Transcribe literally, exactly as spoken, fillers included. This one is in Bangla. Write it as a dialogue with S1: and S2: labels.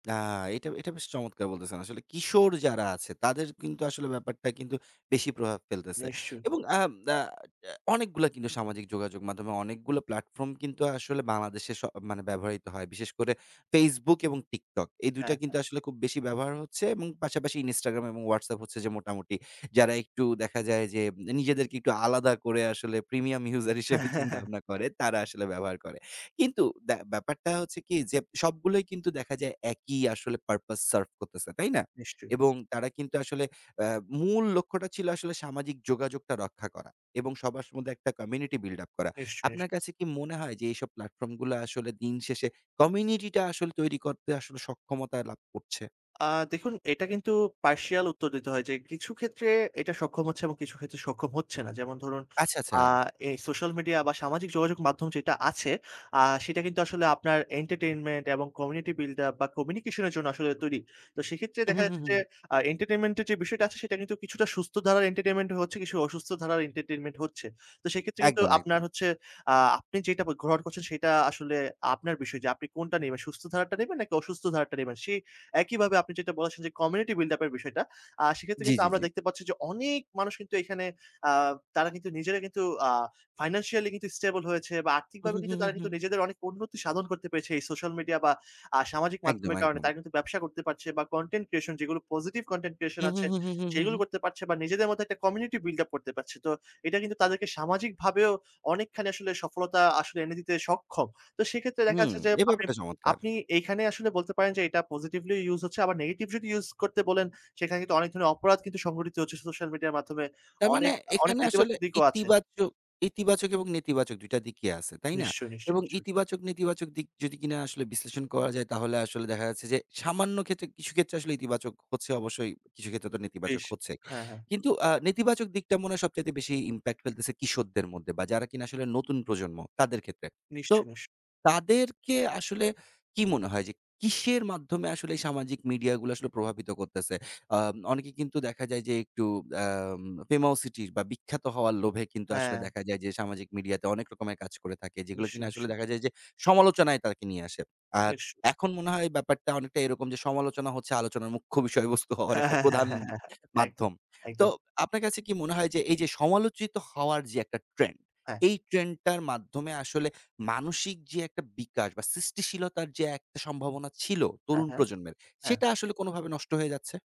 S1: না, এটা এটা বেশ চমৎকার বলতেছেন। আসলে কিশোর যারা আছে, তাদের কিন্তু আসলে ব্যাপারটা কিন্তু বেশি প্রভাব ফেলতেছে
S2: নিশ্চয়ই।
S1: এবং আ না, আ অনেকগুলো কিন্তু সামাজিক যোগাযোগ মাধ্যমে অনেকগুলো platform কিন্তু আসলে বাংলাদেশে স মানে ব্যবহৃত হয়। বিশেষ করে Facebook এবং TikTok। এই দুই টা
S2: হ্যাঁ, হ্যাঁ।
S1: কিন্তু আসলে খুব বেশি ব্যবহার হচ্ছে এবং পাশাপাশি Instagram এবং Whatsapp হচ্ছে যে মোটামুটি যারা একটু দেখা যায় যে নিজেদেরকে একটু আলাদা করে আসলে premium user হিসেবে
S2: একদম,
S1: চিন্তাভাবনা করে তারা
S2: একদম।
S1: আসলে ব্যবহার করে। কিন্তু ব্যা ব্যাপারটা হচ্ছে কি? যে সবগুলোই কিন্তু দেখা যায় একই আসলে purpose serve করতেছে। তাই না?
S2: নিশ্চয়ই।
S1: এবং তারা কিন্তু আসলে এ মূল লক্ষ্যটা ছিল আসলে সামাজিক যোগাযোগটা রক্ষা করা এবং সবার মধ্যে একটা community build up করা।
S2: নিশ্চয়ই। নিশ
S1: আপনার কাছে কি মনে হয় যে এইসব platform গুলো আসলে দিন শেষে community টা আসলে তৈরি করতে আসলে সক্ষমতা লাভ করছে?
S2: আ দেখুন এটা কিন্তু partial উত্তর দিতে হয় যে কিছু ক্ষেত্রে এটা সক্ষম হচ্ছে এবং কিছু ক্ষেত্রে সক্ষম হচ্ছে না। যেমন ধরুন
S1: আচ্ছা,
S2: আ
S1: আচ্ছা।
S2: এই সোশ্যাল মিডিয়া বা সামাজিক যোগাযোগ মাধ্যম যেটা আছে, আ সেটা কিন্তু আসলে আপনার entertainment এবং community buil up বা communication এর জন্য আসলে তৈরি। তো সেক্ষেত্রে
S1: হু,
S2: দেখা
S1: হু, হু,
S2: যাচ্ছে যে
S1: হু।
S2: আ entertainment এর যে বিষয়টা আছে, সেটা কিন্তু কিছুটা সুস্থ ধারার entertainment এ হচ্ছে, কিছু অসুস্থ ধারার entertainment হচ্ছে। তো সেক্ষেত্রে কিন্তু
S1: একদম,
S2: আপনার
S1: একদম।
S2: হচ্ছে আ আপনি যেটা ফে গ্রহণ করছেন সেটা আসলে আপনার বিষয় যে আপনি কোনটা নেবেন, সুস্থ ধারারটা নিবেন নাকি অসুস্থ ধারারটা নিবেন। সেই একইভাবে আপনি যেটা বলাসে যে community buil up এর বিষয়টা। আ সেক্ষেত্রে
S1: জ্বী,
S2: কিন্তু
S1: জ্বী,
S2: আমরা
S1: জ্বী।
S2: দেখতে পাচ্ছি যে অনেক মানুষ কিন্তু এখানে আ তারা কিন্তু নিজেরা কিন্তু আ financially কিন্তু স্টেবল হয়েছে বা
S1: হু,
S2: আর্থিকভাবে
S1: হু, হু,
S2: কিন্তু
S1: হু,
S2: তারা কিন্তু
S1: হু।
S2: নিজেদের অনেক উন্নতি সাধন করতে পেরেছে এই সোশ্যাল মিডিয়া বা আ সামাজিক
S1: একদম,
S2: মাধ্যমের কারণে
S1: একদম।
S2: তারা কিন্তু করতে পারছে বা content creation যেগুলো positive content creation
S1: হু, হু,
S2: আছে,
S1: হু, হু, হু, হু,
S2: সেগুলো
S1: হু।
S2: করতে পারছে বা নিজেদের মধ্যে একটা community buil up করতে পারছে। তো এটা কিন্তু তাদেরকে সামাজিকভাবেও অনেকখানি আসলে সফলতা আসলে এনে দিতে সক্ষম। তো সেক্ষেত্রে দেখা
S1: হুম,
S2: যাচ্ছে যে
S1: এ
S2: আপনি
S1: ব্যাপারটা চমৎকার।
S2: আপনি এইখানেই আসলে বলতে পারেন যে এটা positively ইউজ হচ্ছে আবার নেগেটিভ যদি ইউজ করতে বলেন, সেখানে কিন্তু অনেক ধরনের অপরাধ কিন্তু সংঘটিত হচ্ছে সোশ্যাল মিডিয়ার মাধ্যমে।
S1: তার মানে
S2: অনেক, অনেক
S1: এখানে আসলে
S2: নেতিবাচক দিকও আছে।
S1: ইতিবাচক ইতিবাচক এবং নেতিবাচক দুই টা দিকই আছে, তাই না?
S2: নিশ্চয়, নিশ্চয়,
S1: এবং
S2: নিশ্চয়ই।
S1: ইতিবাচক নেতিবাচক দিক যদি কিনা আসলে বিশ্লেষণ করা যায় তাহলে আসলে দেখা যাচ্ছে যে সামান্য ক্ষেত্রে কিছু ক্ষেত্রে আসলে ইতিবাচক হচ্ছে অবশ্যই। কিছু ক্ষেত্রে তো নেতিবাচক
S2: বেশ।
S1: হচ্ছে।
S2: হ্যাঁ, হ্যাঁ।
S1: কিন্তু আ নেতিবাচক দিকটা মনে হয় সবচাইতে বেশি impact ফেলতেছে কিশোরদের মধ্যে বা যারা কিনা আসলে নতুন প্রজন্ম তাদের ক্ষেত্রে। তো
S2: নিশ্চয়, নিশ্চয়।
S1: তাদেরকে আসলে কি মনে হয় যে কিসের মাধ্যমে আসলে সামাজিক মিডিয়াগুলো আসলে প্রভাবিত করতেছে? আ অনেকে কিন্তু দেখা যায় যে একটু আম famousity বা বিখ্যাত হওয়ার লোভে কিন্তু আসলে
S2: হ্যাঁ।
S1: দেখা যায় যে সামাজিক মিডিয়াতে অনেক রকমের কাজ করে থাকে। যেগুলো
S2: নিশ্চয়,
S1: কিনা আসলে
S2: নিশ্চয়ই।
S1: দেখা যায় যে সমালোচনায় তাকে নিয়ে আসে। আর
S2: নিশ্চয়।
S1: এখন মনে হয় ব্যাপারটা অনেকটা এরকম যে সমালোচনা হচ্ছে আলোচনার মুখ্য বিষয়বস্তু হওয়ার একটা প্রধান
S2: একদম,
S1: মাধ্যম। তো
S2: একদম।
S1: আপনার কাছে কি মনে হয় যে এইযে সমালোচিত হওয়ার যে একটা ট্রেন্ড,
S2: হ্যাঁ।
S1: এই ট্রেন্ডটার মাধ্যমে আসলে মানসিক যে একটা বিকাশ বা সৃষ্টিশীলতার যে একটা সম্ভাবনা ছিল
S2: হ্যাঁ,
S1: তরুণ
S2: হ্যাঁ,
S1: প্রজন্মের,
S2: হ্যাঁ।
S1: সেটা আসলে কোনভাবে নষ্ট হয়ে যাচ্ছে?